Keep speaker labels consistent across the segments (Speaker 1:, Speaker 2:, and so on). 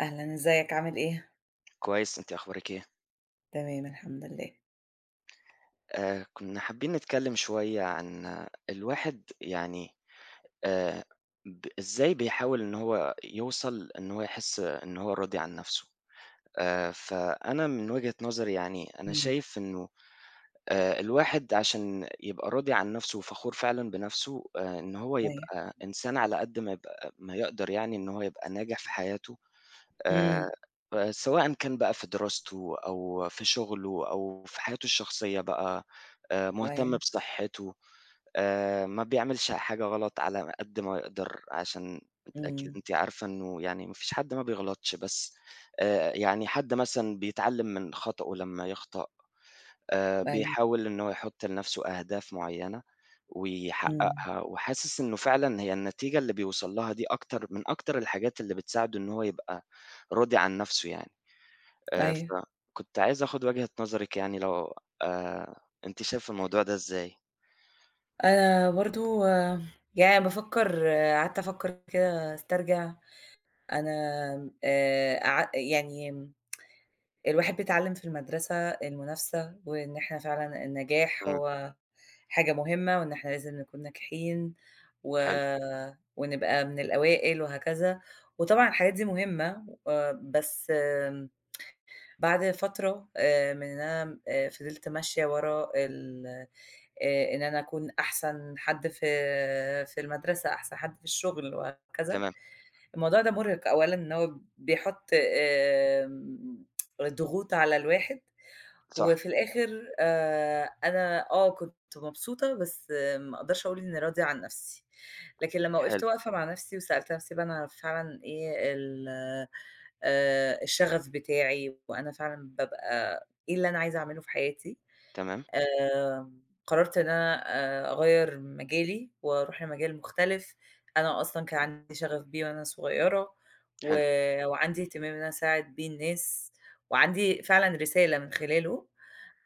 Speaker 1: أهلًا، إزيك، عامل إيه؟
Speaker 2: كويس، أنتِ أخبارِك إيه؟
Speaker 1: تمام الحمد لله.
Speaker 2: آآ، كنا حابين نتكلَّم شوية عن الواحد يعني آآ، ب إزاي بيحاول إنه هو يوصل، إنه هو يحِس إنه هو راضي عن نفسه. آآ، فأنا من وجهة نظري يعني، أنا
Speaker 1: إمم.
Speaker 2: شايف إنه آآ، الواحد عشان يبقى راضي عن نفسه وفخور فعلًا بنفسه آآ، إنه هو
Speaker 1: أيوه.
Speaker 2: يبقى إنسان على قدر ما يبقى ما يقدر يعني إن هو يبقى ناجح في حياته، آآ،
Speaker 1: إمم.
Speaker 2: سواءً كان بقى في دراسته أو في شغله أو في حياته الشخصية بقى، آآ، مهتم
Speaker 1: أيوه.
Speaker 2: بصحته، آآ، ما بيعملش حاجة غلط على قدر ما يقدر، عشان أكيد
Speaker 1: إمم.
Speaker 2: أنت عارفة إنه يعني ما فيش حد ما بيغلطش، بس آآ، يعني حد مثلًا بيتعلَّم من خطأه لمّا يخطأ. آآ،
Speaker 1: أيوه.
Speaker 2: بيحاول إنه هو يحُط لنفسه أهداف معيَّنة
Speaker 1: إمم.
Speaker 2: ويحقِّقها، وحاسس إنه فعلًا هي النتيجة اللي بيوصل لها دي، أكتر من أكتر الحاجات اللي بتساعده إن هو يبقى راضي عن نفسه يعني. آآ،
Speaker 1: أيوه.
Speaker 2: فكنت عايز آخد وجهة نظرِك، يعني لو آآ، أنتِ شايفة الموضوع ده إزاي؟
Speaker 1: آآ، برضه آمم، يعني بافكِّر قعدت أفكِّر كده، أسترجع. أنا آآ، ع يعني، الواحد بيتعلَّم في المدرسة المنافسة، وإن إحنا فعلًا النجاح
Speaker 2: إمم.
Speaker 1: هو حاجة مهمة، وإن إحنا لازم نكون ناجحين، و
Speaker 2: حلو.
Speaker 1: ونبقى من الأوائل وهكذا. وطبعًا الحاجات دي مهمة، آآ، بس بعد فترة آآ، من إن أنا فضِلت ماشية ورا ال آآ، إن أنا أكون أحسن حد ف في المدرسة، أحسن حد في الشغل وهكذا،
Speaker 2: تمام.
Speaker 1: الموضوع ده مُرهِق أولًا، إن هو بيحُط آمم، الضغوط على الواحد
Speaker 2: صح.
Speaker 1: وفي الآخر آآ، أنا آه، كنت مبسوطة، بس ما أقدرش أقول إني راضية عن نفسي. لكن لمّا
Speaker 2: حلو.
Speaker 1: وقفت واقفة مع نفسي وسألت نفسي بقى: "إن أنا فعلًا إيه ال آآ، الشغف بتاعي؟ وأنا فعلًا بابقى إيه اللي أنا عايزة أعمله في حياتي؟"
Speaker 2: تمام.
Speaker 1: آآ، قرَّرت إن أنا آآ، أغيِّر مجالي وأروح لمجال مختلف، أنا أصلًا كان
Speaker 2: أوكي.
Speaker 1: عندي شغف بيه وأنا صغيرة، و
Speaker 2: حلو.
Speaker 1: وعندي اهتمام إن أساعد بيه الناس، وعندي فعلًا رسالة من خلاله.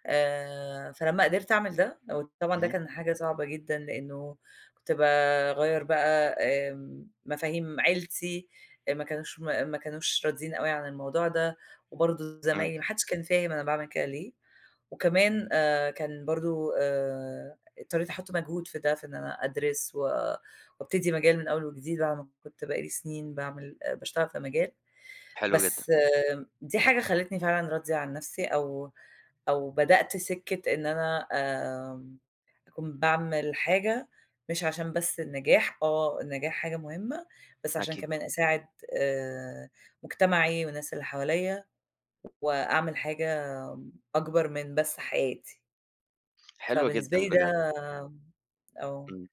Speaker 1: آآ، فلمّا قدرت أعمل ده، وطبعًا ده
Speaker 2: اهم.
Speaker 1: كان حاجة صعبة جدًا، لأنه كنت باغيِّر بقى آمم، مفاهيم عيلتي ما كانوش م ما كانوش راضين أوي عن الموضوع ده، وبرضه
Speaker 2: إمم.
Speaker 1: زمايلي، ما حدش كان فاهم أنا باعمل كده ليه. وكمان آآ، كان برضه آآ، اضطريت أحُط مجهود في ده، في إن أنا أدرس، و وأبتدي مجال من أول وجديد، بعد ما كنت بقى لي سنين باعمل باشتغل في مجال.
Speaker 2: حلو جدًا.
Speaker 1: بس آآ، دي حاجة خلتني فعلًا راضية عن نفسي، أو أو بدأت سِكَّة إن أنا آآ، أكون باعمل حاجة مش عشان بس النجاح، آه، النجاح حاجة مهمة، بس عشان
Speaker 2: أكيد.
Speaker 1: كمان أساعد آآ، مجتمعي والناس اللي حواليا، وأعمل حاجة أكبر من بس حياتي.
Speaker 2: حلوة
Speaker 1: فبالنسبة
Speaker 2: جدًا
Speaker 1: لي ده
Speaker 2: بجد.
Speaker 1: آه.
Speaker 2: إمم.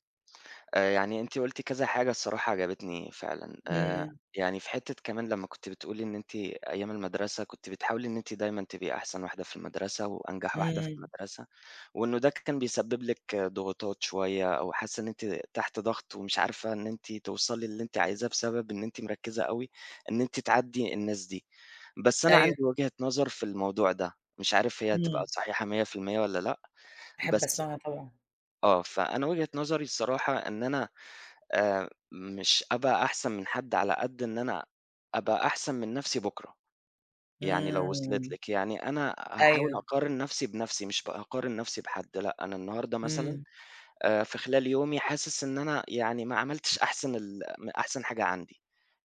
Speaker 2: آآ يعني أنتِ قُلتِ كذا حاجة الصراحة عجبتني فعلًا آآ
Speaker 1: إمم.
Speaker 2: يعني في حتّة كمان لما كنتِ بتقولي إن أنتِ أيام المدرسة كنتِ بتحاولي إن أنتِ دايمًا تبقي أحسن واحدة في المدرسة وأنجح واحدة في
Speaker 1: إمم.
Speaker 2: المدرسة وإنه ده كان بيسبب لِك ضغوطات شوية أو حاسّة إن أنتِ تحت ضغط ومش عارفة إن أنتِ توصلي للي أنتِ عايزاه، بسبب إن أنتِ مركّزة أوي، إن أنتِ تعدّي الناس دي. بس أنا
Speaker 1: أيوه.
Speaker 2: عندي وجهة نظر في الموضوع ده، مش عارف هي تبقى
Speaker 1: إمم.
Speaker 2: صحيحة 100% والَّا لأ،
Speaker 1: أحب
Speaker 2: بس
Speaker 1: أسمعها طبعًا.
Speaker 2: آه فأنا وجهة نظري الصراحة، إن أنا آآ مش هابقى أحسن من حد، على قد إن أنا أبقى أحسن من نفْسِي بُكرة، يعني لو وصلت
Speaker 1: إمم.
Speaker 2: لِك، يعني أنا هاحاول
Speaker 1: أيوه.
Speaker 2: أقارن نفْسِي بنفْسِي، مش بأقارن نفْسِي بحد، لأ أنا النهارده مثلًا
Speaker 1: إمم.
Speaker 2: آآ في خلال يومي حاسس إن أنا يعني ما عملتش أحسن ال م أحسن حاجة عندي،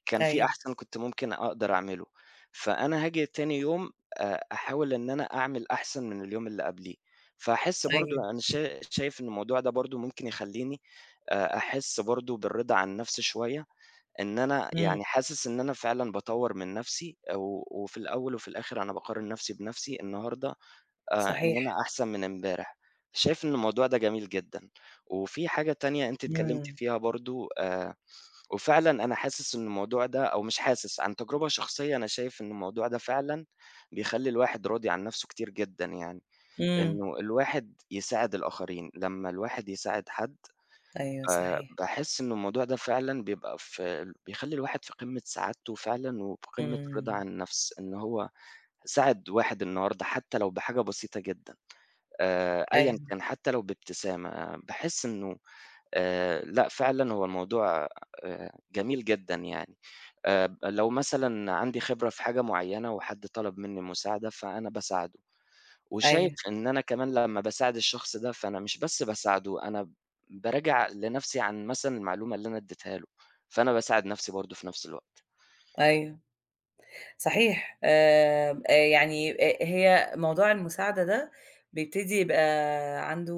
Speaker 2: كان في
Speaker 1: أيوه.
Speaker 2: أحسن كنت ممكن أقدر أعمله، فأنا هاجي تاني يوم آآ أحاول إن أنا أعمل أحسن من اليوم اللي قبليه، فأحس برضه
Speaker 1: أيوه.
Speaker 2: أنا شا شايف إن الموضوع ده برضه ممكن يخليني آآ أحس برضه بالرضا عن النفْسي شوية، إن أنا
Speaker 1: إمم.
Speaker 2: يعني حاسس إن أنا فعلًا باطوّر من نفْسِي و وفي الأول وفي الآخر أنا باقارن نفْسِي بنفْسِي النهارده آآ إن
Speaker 1: صحيح.
Speaker 2: أنا أحسن من امبارح، شايف إن الموضوع ده جميل جدًا، وفي حاجة تانية أنتِ اتكلمتِ
Speaker 1: إمم.
Speaker 2: فيها برضه آآ وفعلًا أنا حاسس إنه الموضوع ده، أو مش حاسس عن تجربة شخصية، أنا شايف إنه الموضوع ده فعلًا بيخلي الواحد راضي عن نفْسه كتير جدًا يعني،
Speaker 1: إمم.
Speaker 2: إنه الواحد يساعد الآخرين، لمّا الواحد يساعد حد
Speaker 1: أيوه
Speaker 2: آآ
Speaker 1: صحيح.
Speaker 2: باحس إنه الموضوع ده فعلًا بيبقى في بيخلي الواحد في قمة سعادته فعلًا وفي قمة الرضا
Speaker 1: إمم.
Speaker 2: عن النفْس، إن هو ساعد واحد النهارده، حتى لو بحاجة بسيطة جدًا آآ أيًا
Speaker 1: أيوه.
Speaker 2: كان، حتى لو بابتسامة، باحس إنه آآ لأ فعلًا هو الموضوع آآ جميل جدًا يعني، آآ لو مثلًا عندي خبرة في حاجة مُعيّنة وحد طلب مني مساعدة، فأنا باساعده، وشايف
Speaker 1: أيوه.
Speaker 2: إن أنا كمان لمّا باساعد الشخص ده، فأنا مش بس باساعده، أنا ب باراجع لنفْسِي عن مثلًا المعلومة اللي أنا اديتها له، فأنا باساعد نفْسِي برضه في نفْس الوقت.
Speaker 1: أيوه، صحيح، آآ، يعني أ أ هي موضوع المساعدة ده بيبتدي يبقى عنده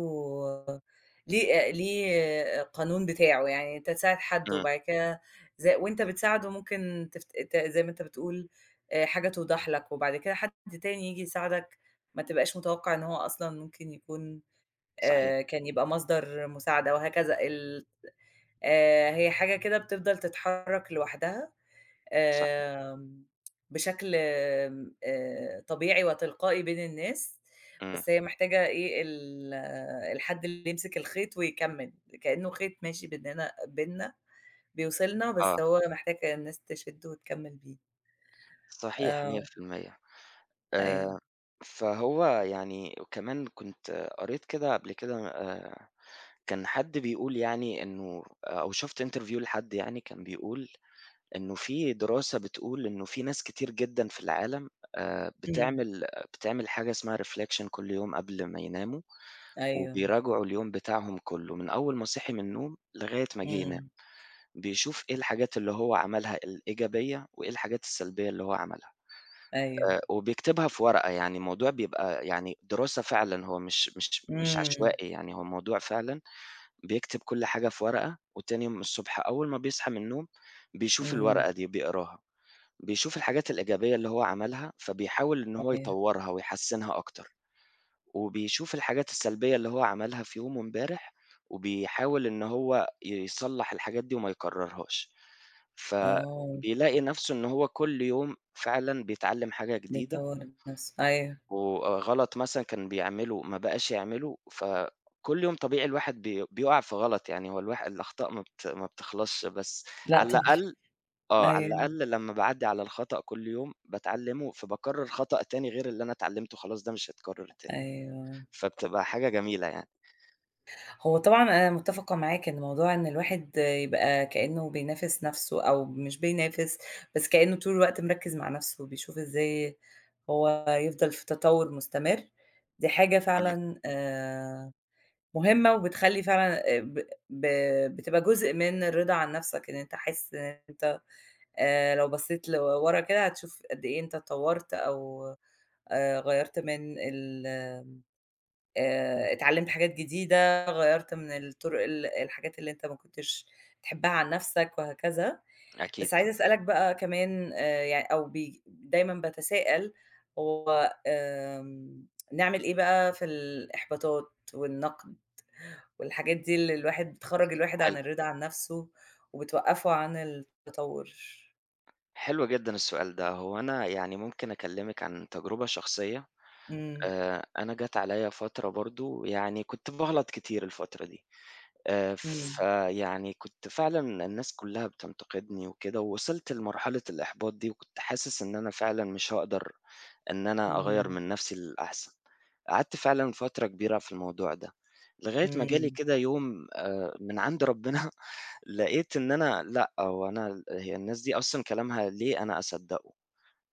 Speaker 1: ليه ليه قانون بتاعه، يعني أنت تساعد حد
Speaker 2: إمم.
Speaker 1: وبعد كده ز وأنت بتساعده ممكن ت ت زي ما أنت بتقول آآ حاجة توضح لك وبعد كده حد تاني ييجي يساعدك، ما تبقاش متوقع إن هو أصلًا ممكن يكون
Speaker 2: صحيح.
Speaker 1: آآ كان يبقى مصدر مساعدة وهكذا ال آآ هي حاجة كده بتفضل تتحرك لوحدها
Speaker 2: صح.
Speaker 1: آآ بشكل آآ طبيعي وتلقائي بين الناس،
Speaker 2: إمم.
Speaker 1: بس هي محتاجة إيه ال الحد اللي يمسك الخيط ويكمّل، كأنه خيط ماشي بيننا بيننا بيوصِلنا
Speaker 2: آه.
Speaker 1: بس هو محتاجة الناس تشده وتكمّل بيه.
Speaker 2: صحيح مِيّة
Speaker 1: آه.
Speaker 2: في المِيّة
Speaker 1: أيوه.
Speaker 2: آآ فهو يعني وكمان كنت قريت كده قبل كده آآ كان حد بيقول يعني إنه أو شُفت Interview لحد يعني كان بيقول، إنه في دراسة بتقول، إنه في ناس كتير جدًا في العالم آآ
Speaker 1: إمم.
Speaker 2: بتعمل بتعمل حاجة اسمها Reflection كل يوم قبل ما يناموا
Speaker 1: أيوه.
Speaker 2: وبيراجعوا اليوم بتاعهم كله، من أول ما صحي من النوم، لغاية ما جه ينام،
Speaker 1: إمم.
Speaker 2: بيشوف إيه الحاجات اللي هو عملها الإيجابية وإيه الحاجات السلبية اللي هو عملها.
Speaker 1: أيوه.
Speaker 2: آآ وبيكتبها في ورقة يعني، الموضوع بيبقى يعني دراسة فعلًا، هو مش مش مش
Speaker 1: إمم.
Speaker 2: عشوائي يعني، هو موضوع فعلًا بيكتب كل حاجة في ورقة وتاني يوم الصبح أول ما بيصحى من النوم، بيشوف
Speaker 1: إمم.
Speaker 2: الورقة دي، بيقراها، بيشوف الحاجات الإيجابية اللي هو عملها، فبيحاول إن هو
Speaker 1: أيوه.
Speaker 2: يطوّرها ويحسنها أكتر وبيشوف الحاجات السلبية اللي هو عملها في يومه امبارح وبيحاول إن هو يصلح الحاجات دي وما يكررهاش،
Speaker 1: آه.
Speaker 2: فبيلاقي نفْسه إن هو كل يوم فعلًا بيتعلم حاجة جديدة.
Speaker 1: بيطوّر من نفسه. أيوه.
Speaker 2: وآآ غلط مثلًا كان بيعمله، ما بقاش يعمله، فكل يوم طبيعي الواحد بي بيقع في غلط يعني، هو الواح الأخطاء ما بت ما بتخلصش بس
Speaker 1: لأ
Speaker 2: على
Speaker 1: طبعًا.
Speaker 2: الأقل آه، على
Speaker 1: أيوه.
Speaker 2: الأقل لمّا باعدِّي على الخطأ كل يوم باتعلمه، فباكرر خطأ تاني غير اللي أنا اتعلمته خلاص ده مش هيتكرر تاني،
Speaker 1: أيوه.
Speaker 2: فبتبقى حاجة جميلة يعني.
Speaker 1: هو طبعًا أنا مُتفقة معاك إن موضوع إن الواحد يبقى كأنّه بينافس نفْسُه أو مش بينافس، بس كأنّه طول الوقت مركِّز مع نفْسه بيشوف إزاي هو يفضل في تطوّر مستمر، دي حاجة
Speaker 2: [unintelligible]
Speaker 1: فعلًا آآ، مهمّة وبتخلّي فعلًا ب ب بتبقى جزء من الرِضا عن نفْسَك إن أنت حاسس إن أنت آآ، لو بَصّيت لورا كده، هتشوف قد إيه أنت اتطوّرت أو آآ، غيّرت من ال آآ، اتعلمت حاجات جديدة غيّرت من الطُرُق ال الحاجات اللي أنت ما كنتش تحبّها عن نفْسَك وهكذا،
Speaker 2: أكيد.
Speaker 1: بس عايزة أسألك بقى كمان آآ، يعني أو ب دايمًا باتسائل هو آآ، نعمل إيه بقى في الإحباطات والنقد والحاجات دي، اللي الواحد بتخرّج الواحد عن
Speaker 2: حلو.
Speaker 1: الرِضا عن نفْسُه وبتوقّفوا عن التطوّر؟
Speaker 2: حلو جدًا السؤال ده هو أنا يعني ممكن أكلمِك عن تجربة شخصيّة
Speaker 1: إمم.
Speaker 2: آآ أنا جات عليَّ فترة برضه يعني كنت بغلط كتير الفترة دي آآ
Speaker 1: إمم.
Speaker 2: فيعني كنت فعلًا الناس كلّها بتنتقدني وكده ووصلت لمرحلة الإحباط دي وكنت حاسس إن أنا فعلًا مش هاقدر إن أنا أغير
Speaker 1: إمم.
Speaker 2: من نفْسي للأحسن قعدت فعلًا فترة كبيرة في الموضوع ده. لغاية ما جا لي
Speaker 1: إمم.
Speaker 2: كده يوم آآ من عند ربنا لقيت إن أنا لأ هو أنا هي الناس دي أصلًا كلامها ليه أنا أصدقه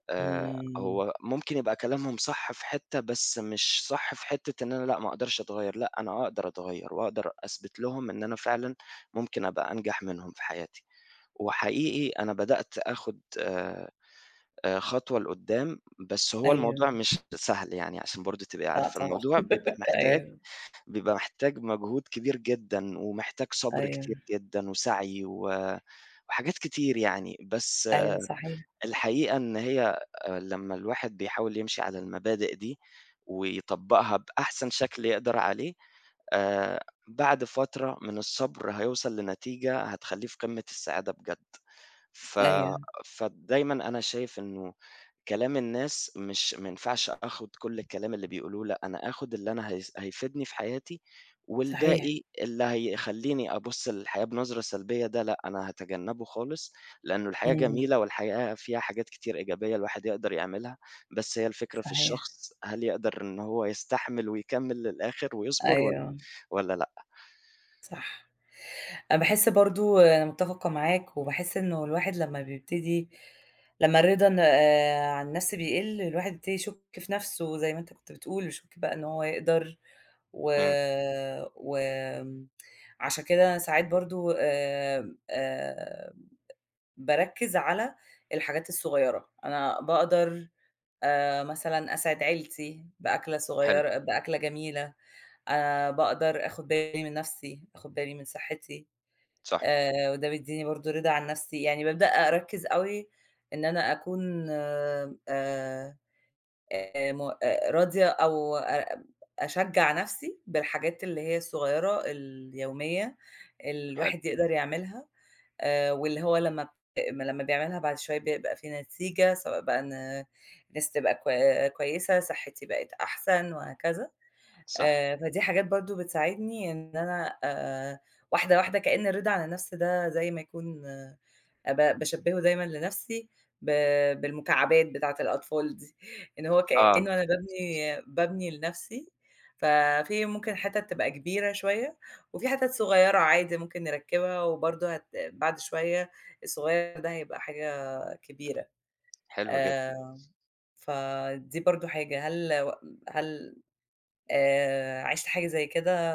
Speaker 2: آآ
Speaker 1: إمم.
Speaker 2: هو ممكن يبقى كلامهم صح في حتّة بس مش صح في حتّة إن أنا لأ ما أقدرش أتغير لأ أنا أقدر أتغير وأقدر أثبت لهم إن أنا فعلًا ممكن أبقى أنجح منهم في حياتي وحقيقي أنا بدأت آخد آآ خطوة لقدام بس هو الموضوع
Speaker 1: أيوه.
Speaker 2: مش سهل يعني عشان برضه تبقي
Speaker 1: لأ
Speaker 2: عارفة
Speaker 1: طبعًا،
Speaker 2: الموضوع بيبقى محتاج
Speaker 1: أيوه.
Speaker 2: بيبقى محتاج مجهود كبير جدًا ومحتاج صبر كتير
Speaker 1: أيوه.
Speaker 2: جدًا وسعي و وحاجات كتير يعني بس
Speaker 1: أيوه، صحيح.
Speaker 2: الحقيقة إن هي لمّا الواحد بيحاول يمشي على المبادئ دي ويطبقها بأحسن شكل يقدر عليه آآ بعد فترة من الصبر هيوصل لنتيجة هتخلّيه في قمة السعادة بجد. ف
Speaker 1: أيوه.
Speaker 2: فدايمًا أنا شايف إنّه كلام الناس مش ماينفعش أخد كل الكلام اللي بيقولوا لأ أنا آخد اللي أنا ه هيفيدني في حياتي
Speaker 1: صحيح.
Speaker 2: والباقي اللي هيخلّيني أبُص للحياة بنظرة سلبيّة ده لأ أنا هاتجنبه خالص لأنّه الحياة
Speaker 1: إمم.
Speaker 2: جميلة والحياة فيها حاجات كتير إيجابية الواحد يقدر يعملها بس هي الفكرة في
Speaker 1: صحيح.
Speaker 2: الشخص هل يقدر إن هو يستحمل ويكمل للآخر ويصبر والّا
Speaker 1: أيوه.
Speaker 2: والّا لأ.
Speaker 1: صح، أنا باحس برضه أنا متفقة معاك وباحس إنّه الواحد لمّا بيبتدي لمّا الرِضا عن النَفْس بيقِلّ الواحد بيبتدي يشُكّ في نفْسُه زي ما أنت كنت بتقول يشُكّ بقى إن هو يقدر و
Speaker 2: إمم.
Speaker 1: و آآ، عشان كده أنا ساعات برضه آآ، آآ، باركّز على الحاجات الصغيّرة، أنا باقدر آآ، مثلًا أسعِد عيلتي، بأكلة
Speaker 2: حلو.
Speaker 1: صغيّرة بأكلة جميلة آآ، باقدر آخُد بالي من نَفْسي، آخُد بالي من صحّتي.
Speaker 2: صح.
Speaker 1: آآ، وده بيديني برضه رِضا عن نَفْسي. يعني بابدأ أركّز أوي إن أنا أكون آآ آآ، م راضية أو أب أشجّع نَفْسي بالحاجات اللي هي الصغيّرة اليوميّة اللي
Speaker 2: حلو.
Speaker 1: الواحد يقدر يعملها آآ، واللي هو لمّا لمّا بيعملها بعد شويّة بيبقى في نتيجة سواء بقى إن نَفْسي تبقى كوي كويّسة صحّتي بقِت أحسن وهكذا
Speaker 2: صح.
Speaker 1: آآ، فدي حاجات برضه بتساعدني إن أنا آآ، واحدة، واحدة كأن الرِضا عن النَفّس ده زي ما يكون آآ، ب باشبِّهُه دايمًا لنفسي ب بالمكعبات بتاعة الأطفال دي، إن هو
Speaker 2: آه.
Speaker 1: كأنّه أنا بابني بابني لنَفْسي ف في ممكن حِتَت تبقى كبيرة شويّة، وفي حِتَت صغيّرة عادي ممكن نركِّبها وبرضه هت بعد شويّة الصغيّر ده هيبقى حاجة آآ، كبيرة،
Speaker 2: حلو جدًا.
Speaker 1: آآ، فدي برضه حاجة، هل و هل آآ، عِشت حاجة زي كده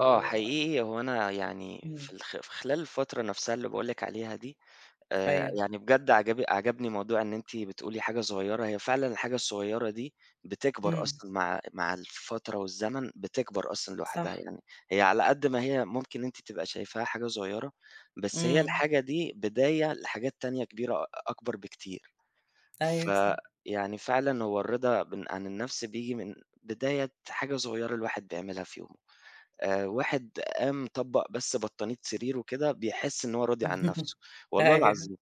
Speaker 2: آه،
Speaker 1: آآ
Speaker 2: حقيقي هو أنا يعني
Speaker 1: إمم.
Speaker 2: في، في خلال الفترة نفسها اللي باقول لِك عليها دي آآ،
Speaker 1: أيوه.
Speaker 2: يعني بجد عجب عَجَبني موضوع إن أنتِ بتقولي حاجة صغيّرة، هي فعلًا الحاجة الصغيّرة دي بتكبر
Speaker 1: إمم.
Speaker 2: أصلًا مع، مع الفترة والزمن بتكبر أصلًا لوحدها،
Speaker 1: صح.
Speaker 2: يعني هي على قد ما هي ممكن أنتِ تبقى شايفاها حاجة صغيّرة، بس هي
Speaker 1: إمم.
Speaker 2: الحاجة دي بداية لحاجات تانية كبيرة، أكبر بكتير،
Speaker 1: أيوه صح.
Speaker 2: فيعني فعلًا هو الرِضا ب عن النَفْس بييجي من بداية حاجة صغيّرة الواحد بيعملها في يومُه. آآ، واحد قام طبَّق بس بطانية سريرُه كده بيحس إن هو راضي عن نَفْسُه، والله
Speaker 1: أيوه.
Speaker 2: العظيم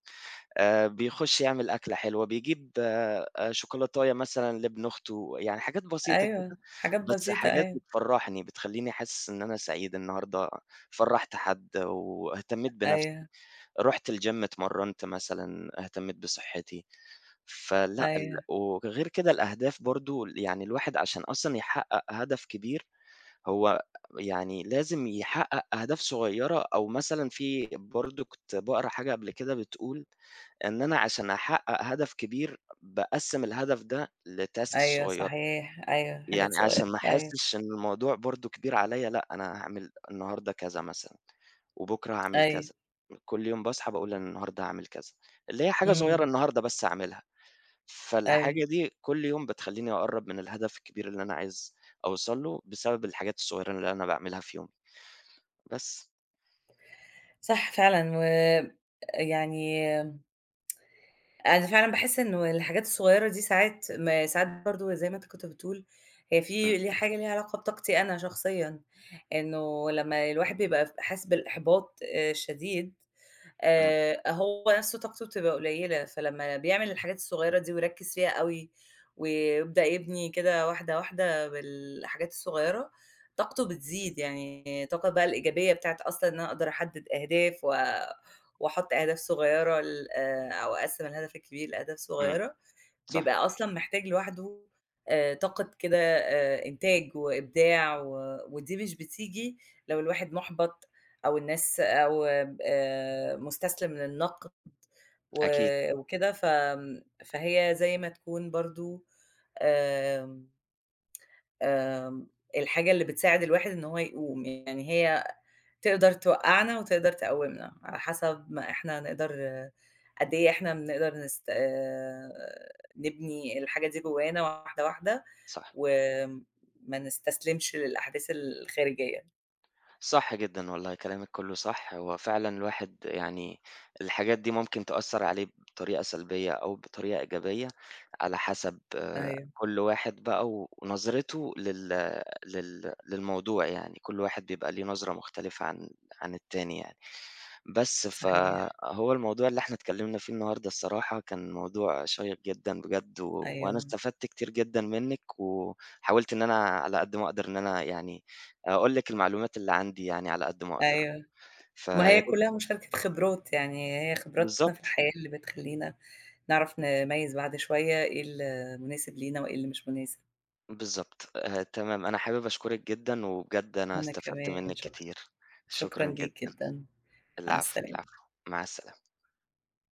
Speaker 2: آآ، بيخُشّ يعمل أكلة حلوة بيجيب آآ، شوكولاتية مثلًا لابن أختُه يعني حاجات بسيطة
Speaker 1: أيوه،
Speaker 2: كده،
Speaker 1: حاجات
Speaker 2: بس
Speaker 1: بسيطة،
Speaker 2: حاجات
Speaker 1: أيوه.
Speaker 2: بتفرّحني بتخلّيني حاسس إن أنا سعيد النهارده فرّحت حد، واهتميت بنَفْسي،
Speaker 1: أيوه.
Speaker 2: رُحت الGym اتمرّنت مثلًا، اهتميت بصحّتي، فلأ ال
Speaker 1: أيوه.
Speaker 2: وغير كده الأهداف برضه، يعني الواحد عشان أصلًا يحقَّق هدف كبير، هو يعني لازم يحقَّق أهداف صغيّرة، أو مثلًا في برضه كنت باقرا حاجة قبل كده بتقول إن أنا عشان أحقَّق هدف كبير، باقسِّم الهدف ده لtasks
Speaker 1: أيوه
Speaker 2: صغيّرة،
Speaker 1: صحيح، أيوه، حاجات
Speaker 2: يعني
Speaker 1: صغيّرة،
Speaker 2: عشان ما
Speaker 1: أيوه.
Speaker 2: أحسِّش إن الموضوع برضه كبير عليَّ لأ، أنا هاعمل النهارده كذا مثلًا، وبُكرة هاعمل
Speaker 1: أيوه.
Speaker 2: كذا، كُلّ يوم باصحى باقول أنا النهارده هاعمل كذا، اللي هي حاجة صغيّرة
Speaker 1: إمم.
Speaker 2: النهارده بس أعملها،
Speaker 1: أيوه.
Speaker 2: فالحاجة دي كُلّ يوم بتخلّيني أقرّب من الهدف الكبير اللي أنا عايز أوصل له، بسبب الحاجات الصغيّرة اللي أنا باعملها في يومي، بس.
Speaker 1: صح فعلًا وآآ، يعني أنا فعلًا باحس إنّه الحاجات الصغيّرة دي ساعات ما ساعات برضه زي ما أنت كنت بتقول، هي
Speaker 2: إمم.
Speaker 1: في لها حاجة ليها علاقة بطاقتي أنا شخصيًا، إنّه لمّا الواحد بيبقى حاسس بالإحباط الشديد
Speaker 2: إمم.
Speaker 1: آآ، هو نفْسُه طاقته بتبقى قليّلة فلمّا بيعمل الحاجات الصغيّرة دي ويركِّز فيها أوي، ويبدأ يبني كده واحدة، واحدة بالحاجات الصغيّرة، طاقته بتزيد، يعني طاقة بقى الإيجابية بتاعة أصلًا إن أقدر أحدِّد أهداف و وأحُطّ أهداف صغيّرة ل أو أقسِّم الهَدَف الكبير لأهداف
Speaker 2: إمم،
Speaker 1: صغيّرة،
Speaker 2: صح.
Speaker 1: بيبقى أصلًا محتاج لوحدُه آآ، طاقة كده آآ، إنتاج وإبداع و ودي مش بتيجي لو الواحد مُحبَط أو الناس أو آآ، مستسلم للنقد و
Speaker 2: أكيد.
Speaker 1: وكده، ف امم، فهي زي ما تكون برضه، امم امم، الحاجة اللي بتساعد الواحد إن هو يقوم، يعني هي تقدر توقّعنا وتقدر تقوّمنا، على حسب ما إحنا نقدر قد إيه إحنا بنقدر نس آآ، نبني الحاجة دي جوانا واحدة، واحدة
Speaker 2: صح.
Speaker 1: و ما نستسلمش للأحداث الخارجية.
Speaker 2: صح جدًا، والله كلامِك كلّه صح، هو فعلًا الواحد يعني الحاجات دي ممكن تأثّر عليه بطريقة سلبيّة أو بطريقة إيجابية، على حَسَب
Speaker 1: أيوه.
Speaker 2: كُلّ واحد بقى و ونظرته لل لل للموضوع يعني، كُل واحد بيبقى ليه نظرة مختلفة عن، عن التاني يعني، بس
Speaker 1: صحيح.
Speaker 2: فهو الموضوع اللي إحنا اتكلمنا فيه النهارده الصراحة كان موضوع شيق جدًا بجد، وأنا
Speaker 1: أيوه.
Speaker 2: استفدت كتير جدًا منِّك، وحاولت إن أنا على قد ما أقدر إن أنا يعني أقول لِك المعلومات اللي عندي يعني على قد ما أقدر،
Speaker 1: أيوه، ما هي
Speaker 2: فياريت
Speaker 1: كلّها مشاركة خبرات يعني، هي خبراتنا في
Speaker 2: بالضبط.
Speaker 1: الحياة اللي بتخلّينا نعرف نميّز بعد شويّة، إيه اللي مناسب لينا، وإيه اللي مش مناسب.
Speaker 2: بالضبط آآ، تمام أنا حابب أشكرِك جدًا، وبجد أنا
Speaker 1: وأنا
Speaker 2: استفدت
Speaker 1: كمان،
Speaker 2: منِّك
Speaker 1: شكرًا،
Speaker 2: كتير،
Speaker 1: شكرًا
Speaker 2: شكرًا
Speaker 1: ليك
Speaker 2: جدًا،
Speaker 1: جدًا، مع
Speaker 2: العفو،
Speaker 1: السلامة.
Speaker 2: العفو مع السلامة.